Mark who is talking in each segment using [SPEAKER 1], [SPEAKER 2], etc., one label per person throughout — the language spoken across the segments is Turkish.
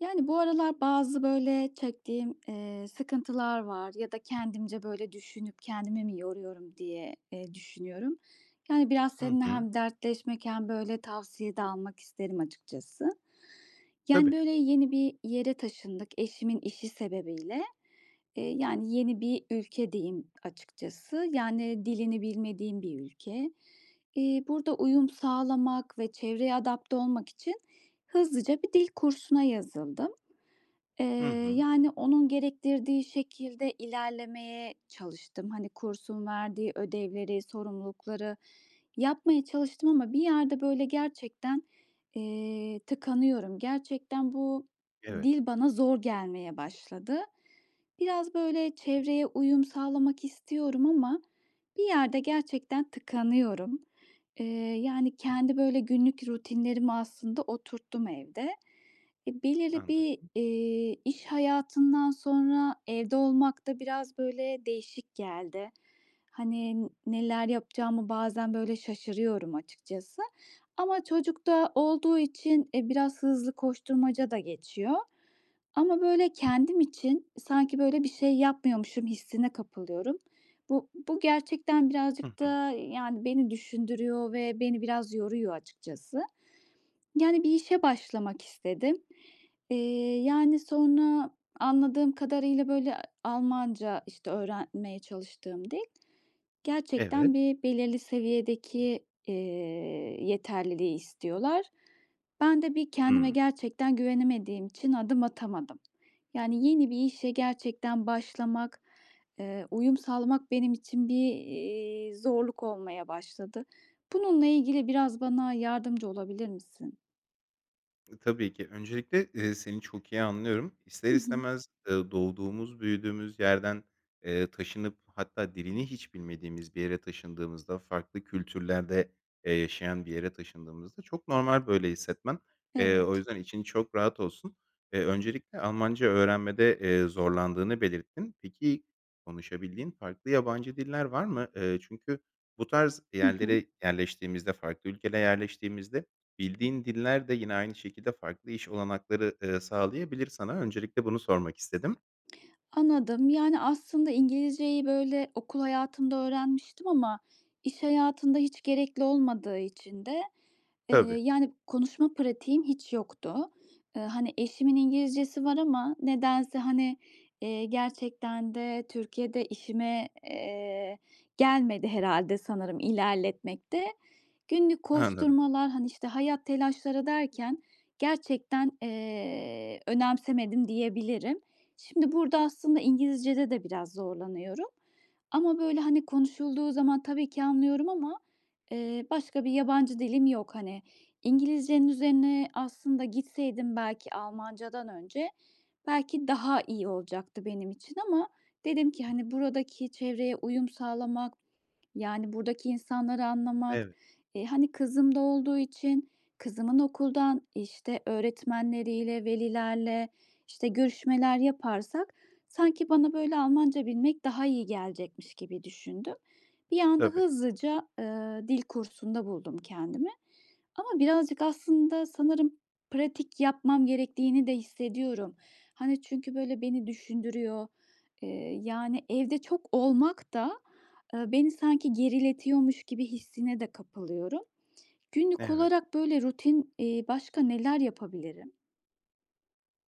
[SPEAKER 1] Yani, bu aralar bazı, böyle, çektiğim, eee, sıkıntılar var ya da kendimce, böyle, düşünüp, "Kendimi mi yoruyorum?" diye, eee, düşünüyorum. Yani, biraz
[SPEAKER 2] Hı
[SPEAKER 1] seninle
[SPEAKER 2] hı.
[SPEAKER 1] hem dertleşmek hem, böyle, tavsiye de almak isterim açıkçası. Yani,
[SPEAKER 2] Tabii.
[SPEAKER 1] böyle, yeni bir yere taşındık eşimin işi sebebiyle. Eee, yani, yeni bir ülke deyim açıkçası. Yani, dilini bilmediğim bir ülke. Eee, burada uyum sağlamak ve çevreye adapte olmak için, hızlıca bir dil kursuna yazıldım. Eee,
[SPEAKER 2] Hı hı.
[SPEAKER 1] yani, onun gerektirdiği şekilde ilerlemeye çalıştım. Hani, kursun verdiği ödevleri, sorumlulukları yapmaya çalıştım ama bir yerde, böyle, gerçekten, eee, tıkanıyorum. Gerçekten bu
[SPEAKER 2] Evet.
[SPEAKER 1] dil bana zor gelmeye başladı. Biraz, böyle, çevreye uyum sağlamak istiyorum ama bir yerde gerçekten tıkanıyorum. Eee, yani, kendi, böyle, günlük rutinlerimi aslında oturttum evde. E, belirli bir,
[SPEAKER 2] Anladım.
[SPEAKER 1] iii, iş hayatından sonra, evde olmak da biraz, böyle, değişik geldi. Hani, n neler yapacağımı bazen, böyle, şaşırıyorum açıkçası ama çocuk da olduğu için, e, biraz hızlı koşturmaca da geçiyor ama, böyle, kendim için sanki, böyle, bir şey yapmıyormuşum hissine kapılıyorum. Bu bu gerçekten
[SPEAKER 2] Hı
[SPEAKER 1] birazcık
[SPEAKER 2] hı.
[SPEAKER 1] da, yani, beni düşündürüyor ve beni biraz yoruyor açıkçası. Yani, bir işe başlamak istedim. Eee, yani, sonra anladığım kadarıyla, böyle Almanca, işte, öğrenmeye çalıştığım dil.
[SPEAKER 2] Evet.
[SPEAKER 1] Gerçekten, bir belirli seviyedeki, eee, yeterliliği istiyorlar. Ben de bir kendime
[SPEAKER 2] Hıı.
[SPEAKER 1] gerçekten güvenemediğim için adım atamadım. Yani yeni bir işe gerçekten başlamak, eee, uyum sağlamak benim için bir, iii, zorluk olmaya başladı. Bununla ilgili biraz bana yardımcı olabilir misin?
[SPEAKER 2] E, tabii ki! Öncelikle, eee, seni çok iyi anlıyorum. İster
[SPEAKER 1] Hı hı.
[SPEAKER 2] istemez, ııı, doğduğumuz, büyüdüğümüz yerden, eee, taşınıp hatta dilini hiç bilmediğimiz bir yere taşındığımızda, farklı kültürlerde, eee, yaşayan bir yere taşındığımızda çok normal böyle hissetmen. Eee, o
[SPEAKER 1] Evet.
[SPEAKER 2] yüzden için çok rahat olsun. Eee, öncelikle Almanca öğrenmede, eee, zorlandığını belirttin. Peki konuşabildiğin farklı yabancı diller var mı? Iıı, çünkü bu tarz
[SPEAKER 1] Hı hı.
[SPEAKER 2] yerlere yerleştiğimizde, farklı ülkelere yerleştiğimizde bildiğin diller de yine aynı şekilde farklı iş olanakları, ııı, sağlayabilir sana. Öncelikle bunu sormak istedim.
[SPEAKER 1] Anladım. Yani aslında İngilizce'yi, böyle, okul hayatımda öğrenmiştim ama iş hayatında hiç gerekli olmadığı için de, eee,
[SPEAKER 2] Tabii.
[SPEAKER 1] yani konuşma pratiğim hiç yoktu. Iıı, hani eşimin
[SPEAKER 2] [unintelligible]
[SPEAKER 1] İngilizcesi var ama nedense, hani, iii, gerçekten de Türkiye'de işime, eee, gelmedi herhâlde sanırım, ilerletmek de. Günlük
[SPEAKER 2] Anladım.
[SPEAKER 1] koşturmalar, hani, işte, hayat telaşları derken gerçekten, eee, önemsemedim diyebilirim. Şimdi burada aslında İngilizce'de de biraz zorlanıyorum ama böyle, hani, konuşulduğu zaman, tabii ki, anlıyorum ama, eee, başka bir yabancı dilim yok. Hani İngilizce'nin üzerine aslında gitseydim, belki Almanca'dan önce, belki daha iyi olacaktı benim için ama dedim ki, "Hani, buradaki çevreye uyum sağlamak, yani buradaki insanları anlamak,
[SPEAKER 2] Evet.
[SPEAKER 1] eee, hani kızım da olduğu için, kızımın okuldan, işte, öğretmenleriyle, velilerle, işte, görüşmeler yaparsak sanki bana böyle Almanca bilmek daha iyi gelecekmiş." gibi düşündüm. Bir anda
[SPEAKER 2] Tabii.
[SPEAKER 1] hızlıca, ııı, dil kursunda buldum kendimi ama birazcık aslında sanırım pratik yapmam gerektiğini de hissediyorum. Hani, çünkü böyle beni düşündürüyor, ııı, yani evde çok olmak da, ııı, beni sanki geriletiyormuş gibi hissine de kapılıyorum. Günlük
[SPEAKER 2] Evet.
[SPEAKER 1] olarak böyle rutin, iii, başka neler yapabilirim?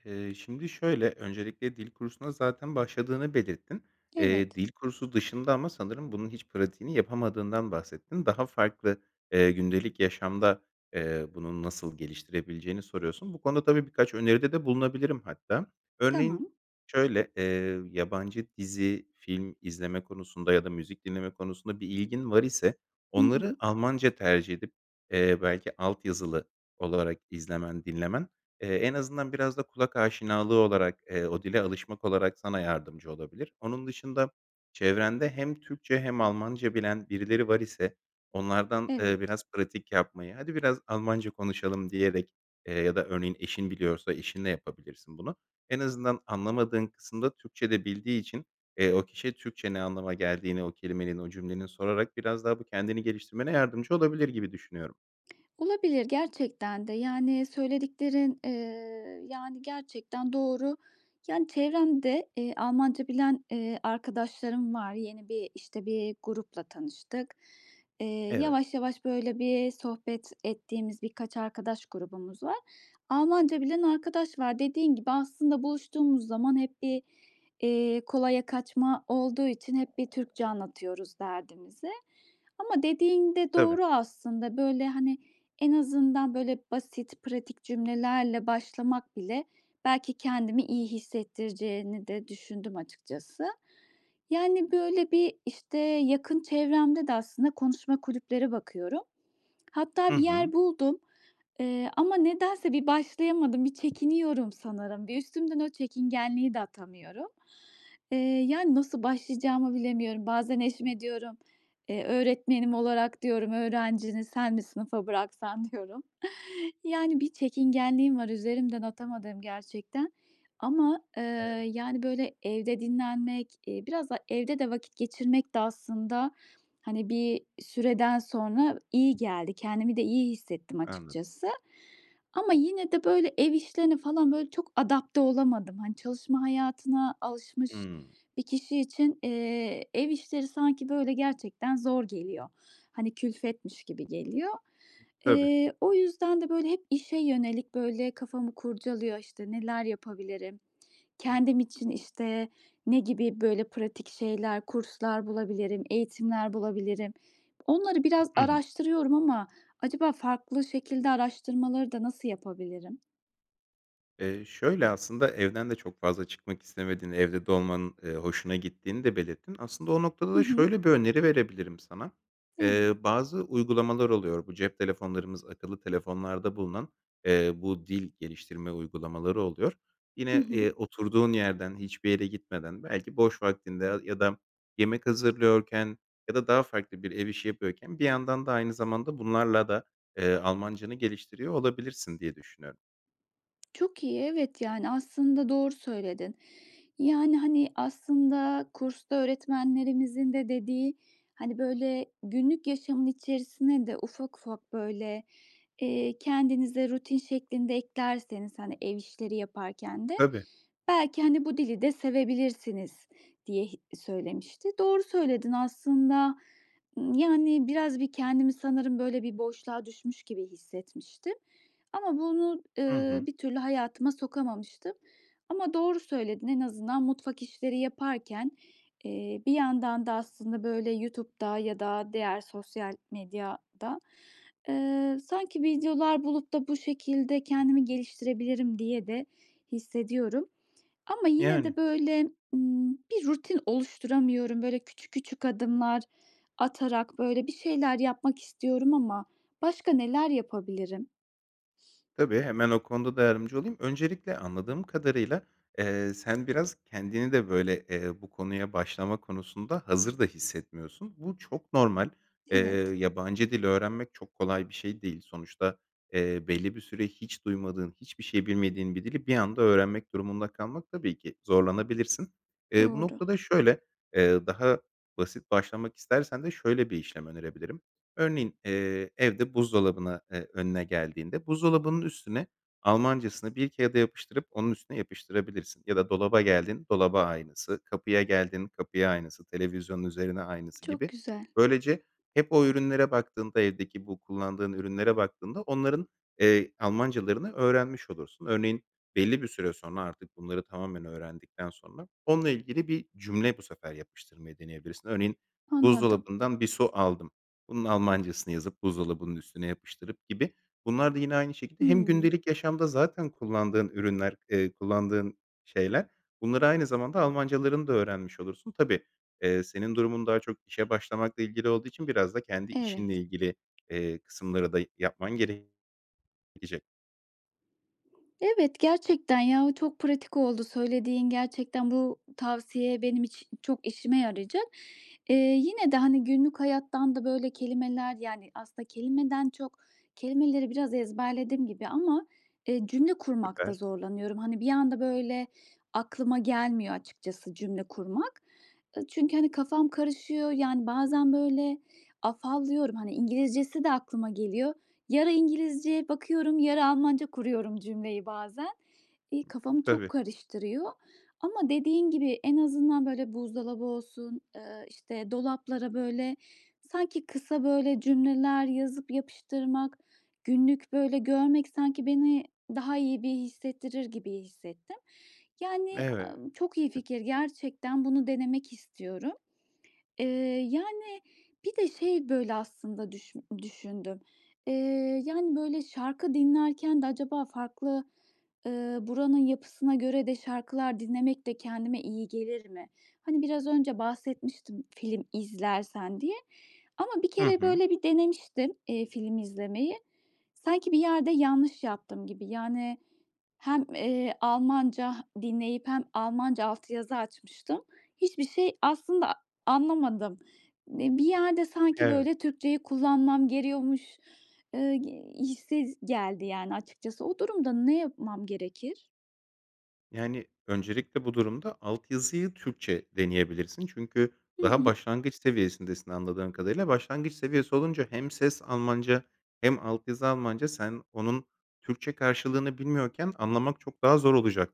[SPEAKER 2] Iıı, şimdi şöyle, öncelikle dil kursuna zaten başladığını belirttin. Eee,
[SPEAKER 1] Evet.
[SPEAKER 2] dil kursu dışında ama sanırım bunun hiç pratiğini yapamadığından bahsettin. Daha farklı, ııı, gündelik yaşamda, eee, bunu nasıl geliştirebileceğini soruyorsun. Bu konuda tabii birkaç öneride de bulunabilirim hatta. Örneğin
[SPEAKER 1] Tamam.
[SPEAKER 2] şöyle: Eee, yabancı dizi, film izleme konusunda ya da müzik dinleme konusunda bir ilgin var ise
[SPEAKER 1] Hı
[SPEAKER 2] onları
[SPEAKER 1] hı.
[SPEAKER 2] Almanca tercih edip, eee, belki alt yazılı olarak izlemen, dinlemen, eee, en azından biraz da kulak aşinalığı olarak, eee, o dile alışmak olarak sana yardımcı olabilir. Onun dışında, çevrende hem Türkçe hem Almanca bilen birileri var iseç onlardan, eee,
[SPEAKER 1] Evet.
[SPEAKER 2] biraz pratik yapmayı, "Hadi biraz Almanca konuşalım." diyerek, ııı, ya da örneğin, eşin biliyorsa, eşinle yapabilirsin bunu. En azından anlamadığın kısımda Türkçe de bildiği için, eee, o kişiye Türkçe ne anlama geldiğini o kelimenin, o cümlenin, sorarak biraz daha bu kendini geliştirmene yardımcı olabilir gibi düşünüyorum.
[SPEAKER 1] Olabilir. Gerçekten de, yani, söylediklerin, eee, yani, gerçekten doğru, yani çevremde, eee, Almanca bilen, eee, arkadaşlarım var. Yeni bir, işte, bir grupla tanıştık. Eee,
[SPEAKER 2] Evet.
[SPEAKER 1] yavaş yavaş, böyle, bir sohbet ettiğimiz birkaç arkadaş grubumuz var. Almanca bilen arkadaş var. Dediğin gibi, aslında buluştuğumuz zaman hep bir, iii, kolaya kaçma olduğu için hep bir Türkçe anlatıyoruz derdimizi ama dediğin de
[SPEAKER 2] Tabii.
[SPEAKER 1] doğru aslında. Böyle, hani, en azından, böyle basit, pratik cümlelerle başlamak bile, belki kendimi iyi hissettireceğini de düşündüm açıkçası. Yani böyle, bir, işte, yakın çevremde de aslında konuşma kulüplere bakıyorum.
[SPEAKER 2] Hı
[SPEAKER 1] Hatta bir
[SPEAKER 2] hı.
[SPEAKER 1] yer buldum, eee, ama nedense bir başlayamadım, bir çekiniyorum sanırım. Bir, üstümden o çekingenliği de atamıyorum. Eee, yani nasıl başlayacağımı bilemiyorum. Bazen eşime diyorum, eee, "Öğretmenim olarak" diyorum, "öğrencini sen mi sınıfa bıraksan." diyorum. Yani bir çekingenliğim var, üzerimden atamadığım gerçekten ama, eee,
[SPEAKER 2] Evet.
[SPEAKER 1] yani böyle, evde dinlenmek, eee, biraz da, evde de vakit geçirmek de aslında, hani, bir süreden sonra iyi geldi. Kendimi de iyi hissettim
[SPEAKER 2] Anladım.
[SPEAKER 1] açıkçası ama yine de, böyle, ev işlerine falan, böyle, çok adapte olamadım. Hani, çalışma hayatına alışmış
[SPEAKER 2] Hıı.
[SPEAKER 1] bir kişi için, eee, ev işleri sanki böyle gerçekten zor geliyor. Hani, külfetmiş gibi geliyor.
[SPEAKER 2] I Tabii.
[SPEAKER 1] Eee, o yüzden de böyle hep işe yönelik, böyle, kafamı kurcalıyor, işte, neler yapabilirim, kendim için, işte, ne gibi, böyle, pratik şeyler, kurslar bulabilirim, eğitimler bulabilirim. Onları biraz
[SPEAKER 2] Hı hı.
[SPEAKER 1] araştırıyorum ama acaba farklı şekilde araştırmaları da nasıl yapabilirim?
[SPEAKER 2] Eee, şöyle, aslında evden de çok fazla çıkmak istemediğin, evde de olmanın, eee, hoşuna gittiğini de belirttin. Aslında o noktada
[SPEAKER 1] Hı
[SPEAKER 2] da
[SPEAKER 1] hı.
[SPEAKER 2] şöyle bir öneri verebilirim sana.
[SPEAKER 1] Evet.
[SPEAKER 2] Eee, bazı uygulamalar oluyor. Bu cep telefonlarımız, akıllı telefonlarda bulunan, eee, bu dil geliştirme uygulamaları oluyor.
[SPEAKER 1] Hı
[SPEAKER 2] Yine,
[SPEAKER 1] hı.
[SPEAKER 2] eee, oturduğun yerden, hiçbir yere gitmeden, belki boş vaktinde ya ya da yemek hazırlıyorken ya da daha farklı bir ev işi yapıyorken bir yandan da aynı zamanda bunlarla da, eee, Almancanı geliştiriyor olabilirsin diye düşünüyorum.
[SPEAKER 1] Çok iyi, evet, yani aslında doğru söyledin. Yani, hani, aslında kursta öğretmenlerimizin de dediği, "Hani, böyle, günlük yaşamın içerisine de ufak ufak, böyle, eee, kendinize rutin şeklinde eklerseniz, hani, ev işleri yaparken de
[SPEAKER 2] Tabii.
[SPEAKER 1] belki, hani, bu dili de sevebilirsiniz." diye hi söylemişti. Doğru söyledin aslında, ımm, yani biraz bir kendimi sanırım, böyle, bir boşluğa düşmüş gibi hissetmiştim ama bunu,
[SPEAKER 2] Hı
[SPEAKER 1] ııı,
[SPEAKER 2] hı.
[SPEAKER 1] bir türlü hayatıma sokamamıştım ama doğru söyledin. En azından mutfak işleri yaparken, eee, bir yandan da aslında, böyle, YouTube'da ya da diğer sosyal medyada, ııı, sanki videolar bulup da bu şekilde kendimi geliştirebilirim diye de hissediyorum ama yine
[SPEAKER 2] Yani.
[SPEAKER 1] de, böyle, ımm, bir rutin oluşturamıyorum. Böyle, küçük küçük adımlar atarak, böyle, bir şeyler yapmak istiyorum ama başka neler yapabilirim?
[SPEAKER 2] Tabii, hemen o konuda da yardımcı olayım. Öncelikle anladığım kadarıyla, eee, sen biraz kendini de, böyle, eee, bu konuya başlama konusunda hazır da hissetmiyorsun. Bu çok normal. Eee,
[SPEAKER 1] Evet.
[SPEAKER 2] yabancı dil öğrenmek çok kolay bir şey değil. Sonuçta, eee, belli bir süre hiç duymadığın, hiçbir şey bilmediğin bir dili bir anda öğrenmek durumunda kalmak tabii ki zorlanabilirsin. Eee, bu
[SPEAKER 1] Doğru.
[SPEAKER 2] noktada şöyle, eee, daha basit başlamak istersen de şöyle bir işlem önerebilirim. Örneğin, eee, evde buzdolabına, eee, önüne geldiğinde buzdolabının üstüne Almancasını bir kağıda yapıştırıp, onun üstüne yapıştırabilirsin ya da dolaba geldin, dolaba aynısı, kapıya geldin, kapıya aynısı, televizyonun üzerine aynısı
[SPEAKER 1] Çok
[SPEAKER 2] gibi.
[SPEAKER 1] güzel.
[SPEAKER 2] Böylece hep o ürünlere baktığında, evdeki bu kullandığın ürünlere baktığında onların, eee, Almancalarını öğrenmiş olursun. Örneğin, belli bir süre sonra artık bunları tamamen öğrendikten sonra onunla ilgili bir cümle bu sefer yapıştırmayı deneyebilirsin. Örneğin
[SPEAKER 1] Anladım.
[SPEAKER 2] buzdolabından bir su aldım. Bunun Almancasını yazıp buzdolabının üstüne yapıştırıp gibi bunlar da yine aynı şekilde hem
[SPEAKER 1] Hımm.
[SPEAKER 2] gündelik yaşamda zaten kullandığın ürünler, eee, kullandığın şeyler bunları aynı zamanda Almancalarını da öğrenmiş olursun. Tabii, eee, senin durumun daha çok işe başlamakla ilgili olduğu için biraz da kendi işinle
[SPEAKER 1] Evet.
[SPEAKER 2] ilgili, eee, kısımları da yapman gerek [unintelligible]
[SPEAKER 1] Evet, gerçekten, ya, çok pratik oldu söylediğin. Gerçekten bu tavsiye benim için çok işime yarayacak. Eee, yine de, hani, günlük hayattan da böyle kelimeler Yani, aslında kelimeden çok kelimeleri biraz ezberledim gibi ama, eee, cümle kurmakta
[SPEAKER 2] Süper.
[SPEAKER 1] zorlanıyorum. Hani, bir anda, böyle, aklıma gelmiyor açıkçası cümle kurmak, ııı, çünkü, hani, kafam karışıyor, yani, bazen, böyle, afallıyorum, hani, İngilizcesi de aklıma geliyor. Yarı İngilizce bakıyorum, yarı Almanca kuruyorum cümleyi bazen.
[SPEAKER 2] Hı
[SPEAKER 1] İii,
[SPEAKER 2] hı.
[SPEAKER 1] kafamı çok
[SPEAKER 2] Tabii.
[SPEAKER 1] karıştırıyor ama dediğin gibi en azından, böyle, buzdolabı olsun, eee, işte, dolaplara, böyle, sanki kısa, böyle, cümleler yazıp yapıştırmak, günlük, böyle, görmek sanki beni daha iyi bir hissettirir gibi hissettim. Yani,
[SPEAKER 2] Eve
[SPEAKER 1] çok iyi fikir gerçekten bunu denemek istiyorum. Eee, yani, bir de şey, böyle, aslında düşün düşündüm: Eee, yani, böyle, şarkı dinlerken de acaba farklı, ııı, buranın yapısına göre de şarkılar dinlemek de kendime iyi gelir mi? Hani, biraz önce bahsetmiştim film izlersen diye ama 1
[SPEAKER 2] Hı
[SPEAKER 1] kere
[SPEAKER 2] hı.
[SPEAKER 1] böyle bir denemiştim, eee, film izlemeyi. Sanki bir yerde yanlış yaptım gibi. Yani, hem, eee, Almanca dinleyip hem Almanca altyazı açmıştım. Hiçbir şey aslında anlamadım. Eee, bir yerde sanki,
[SPEAKER 2] Evet.
[SPEAKER 1] böyle, Türkçeyi kullanmam geriyormuş, ııı, g hissi z geldi yani açıkçası. O durumda ne yapmam gerekir?
[SPEAKER 2] Yani, öncelikle bu durumda altyazıyı Türkçe deneyebilirsin çünkü
[SPEAKER 1] Hı
[SPEAKER 2] daha
[SPEAKER 1] hı.
[SPEAKER 2] başlangıç seviyesindesin anladığım kadarıyla. Başlangıç seviyesi olunca hem ses Almanca hem altyazı Almanca sen onun Türkçe karşılığını bilmiyorken anlamak çok daha zor olacak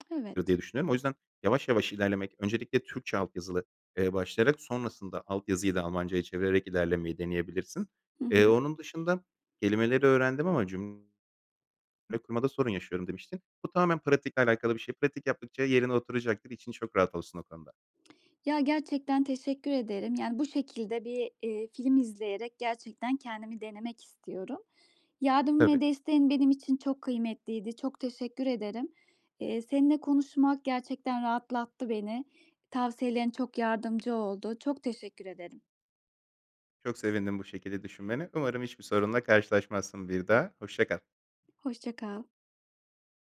[SPEAKER 2] dır diye
[SPEAKER 1] Evet.
[SPEAKER 2] düşünüyorum. O yüzden yavaş yavaş ilerlemek öncelikle Türkçe altyazılı, eee, başlayarak sonrasında alt yazıyı da Almanca'ya çevirerek ilerlemeyi deneyebilirsin.
[SPEAKER 1] Hı
[SPEAKER 2] Eee,
[SPEAKER 1] hı.
[SPEAKER 2] onun dışında kelimeleri öğrendim ama cüm le kurmada sorun yaşıyorum demiştin. Bu tamamen pratikle alakalı bir şey. Pratik yaptıkça yerine oturacaktır. İçin çok rahat olsun o konuda.
[SPEAKER 1] Ya, gerçekten teşekkür ederim, yani, bu şekilde bir, eee, film izleyerek gerçekten kendimi denemek istiyorum. Yardım
[SPEAKER 2] Tabii.
[SPEAKER 1] ve desteğin benim için çok kıymetliydi. Çok teşekkür ederim. Eee, seninle konuşmak gerçekten rahatlattı beni. Tavsiyelerin çok yardımcı oldu. Çok teşekkür ederim.
[SPEAKER 2] Çok sevindim bu şekilde düşünmene, umarım hiçbir sorunla karşılaşmazsın bir daha, hoşça kal.
[SPEAKER 1] Hoşça kal.